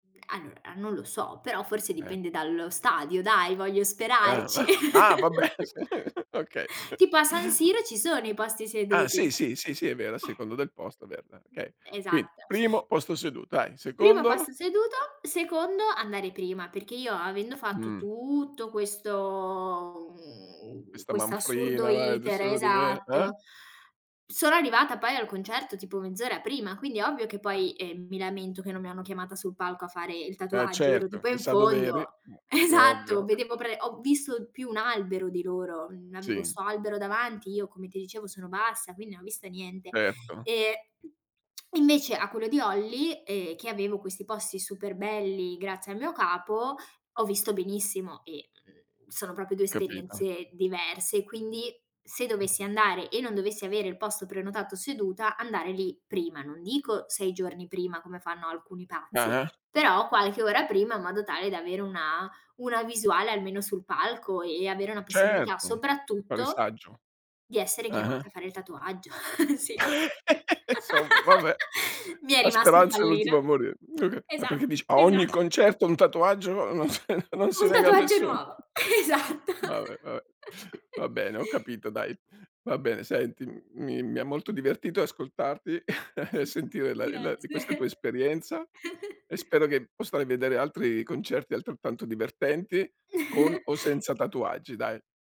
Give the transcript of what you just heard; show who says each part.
Speaker 1: Allora, a non lo so, però forse
Speaker 2: Eh.
Speaker 1: dipende dallo stadio dai, voglio sperarci.
Speaker 2: [unintelligible] Ah, vabbè, sì, okay.
Speaker 1: Tipo a San Siro ci sono i posti
Speaker 2: Ah,
Speaker 1: seduti.
Speaker 2: sì, sì, sì, sì, è vero. A
Speaker 1: Eh.
Speaker 2: seconda del posto è vero, dai, okay. Quindi
Speaker 1: Esatto.
Speaker 2: primo posto seduto, dai.
Speaker 1: Primo
Speaker 2: Secondo?
Speaker 1: passo seduto, secondo andare prima, perché io avendo fatto
Speaker 2: Mh.
Speaker 1: tutto questo mhmm,
Speaker 2: Questa
Speaker 1: questo assurdo
Speaker 2: manfrina, vai d
Speaker 1: iter
Speaker 2: su d ve eh?
Speaker 1: esatto. Sono arrivata poi al concerto tipo mezz'ora prima, quindi ovvio che
Speaker 2: Ah.
Speaker 1: poi, ehm, mi lamento che non mi hanno chiamata sul palco a fare il
Speaker 2: Eh,
Speaker 1: tatuaggio, ero
Speaker 2: certo.
Speaker 1: tipo in
Speaker 2: Chissà dov'eri,
Speaker 1: fondo.
Speaker 2: mh, c che è
Speaker 1: Esatto.
Speaker 2: ovvio.
Speaker 1: Vedevo pre ho visto più un albero di loro. Mhmm, avevo
Speaker 2: Sì.
Speaker 1: 'sto albero davanti, io come ti dicevo sono bassa, quindi non ho visto niente.
Speaker 2: Certo.
Speaker 1: Ehm, invece a quello di Olly, ehm, che avevo questi posti super belli, grazie al mio capo, ho visto benissimo e, mhmm, sono proprio 2
Speaker 2: Capito.
Speaker 1: esperienze diverse. Quindi se dovessi andare e non dovessi avere il posto prenotato seduta, andare lì prima, non dico 6 giorni prima come fanno alcuni pazzi,
Speaker 2: Ah-ah.
Speaker 1: però qualche ora prima, in modo tale da avere una una visuale almeno sul palco e avere una possibilità,
Speaker 2: Certo, mi pare
Speaker 1: soprattutto
Speaker 2: saggio.
Speaker 1: di essere
Speaker 2: Ah-ah.
Speaker 1: chiamata a fare il tatuaggio. Sì.
Speaker 2: Somma, vabbè.
Speaker 1: Mi è
Speaker 2: A
Speaker 1: rimasto il
Speaker 2: speranza è
Speaker 1: pallino.
Speaker 2: l'ultima a morire. Okay. Ma
Speaker 1: Esa
Speaker 2: perché dice a
Speaker 1: eh, già.
Speaker 2: ogni concerto un tatuaggio non s non
Speaker 1: Uhm,
Speaker 2: si
Speaker 1: un
Speaker 2: nega a
Speaker 1: tatuaggio
Speaker 2: nessuno.
Speaker 1: nuovo. Esatto.
Speaker 2: Vabbè, vabbè. Va bene, ho capito, dai. Va bene senti, mhmm, mi mi ha molto
Speaker 1: [unintelligible]
Speaker 2: divertito ascoltarti e sentire la e la di questa tua
Speaker 1: Grazie.
Speaker 2: esperienza e spero che possa, ehm, vedere altri concerti altrettanto divertenti con o senza tatuaggi, dai.